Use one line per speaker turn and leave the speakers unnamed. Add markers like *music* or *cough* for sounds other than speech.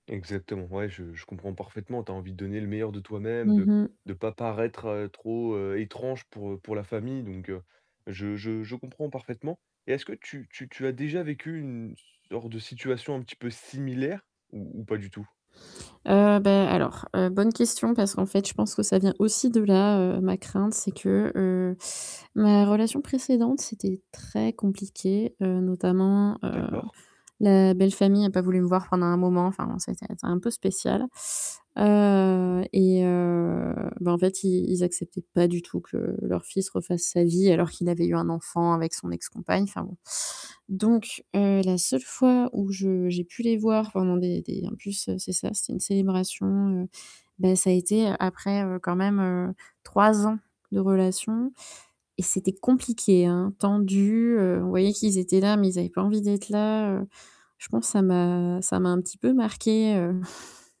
Exactement. Ouais, je je comprends parfaitement. Tu as envie de donner le meilleur de toi-même,
Mmh
de
mh.
de pas paraître trop, heu, étrange pour pour la famille, donc heu, je je je comprends parfaitement. Et est-ce que tu tu tu as déjà vécu une sorte de situation un petit peu similaire ou ou pas du tout?
Heu, bah, alors, heu, bonne question parce qu'en fait je pense que ça vient aussi de là, heu, ma crainte, c'est que, heu, ma relation précédente, c'était très compliqué, heu, notamment, heu,
D'accord.
la belle famille a pas voulu me voir pendant un moment, enfin c'était un peu spécial. Heu et heu, bah, en fait, ils ils acceptaient pas du tout que leur fils refasse sa vie alors qu'il avait eu un enfant avec son ex compagne, enfin bon. Donc heu, la seule fois où je j'ai pu les voir pendant des des, en plus, c'est ça, c'était une célébration, heu, bah, ça a été après quand même, heu, 3 ans de relation et c'était compliqué, hein, tendu, heu, on voyait qu'ils étaient là, mais ils avaient pas envie d'être là, heu. Je pense ça m'a ça m'a un petit peu marqué heu *chuckles*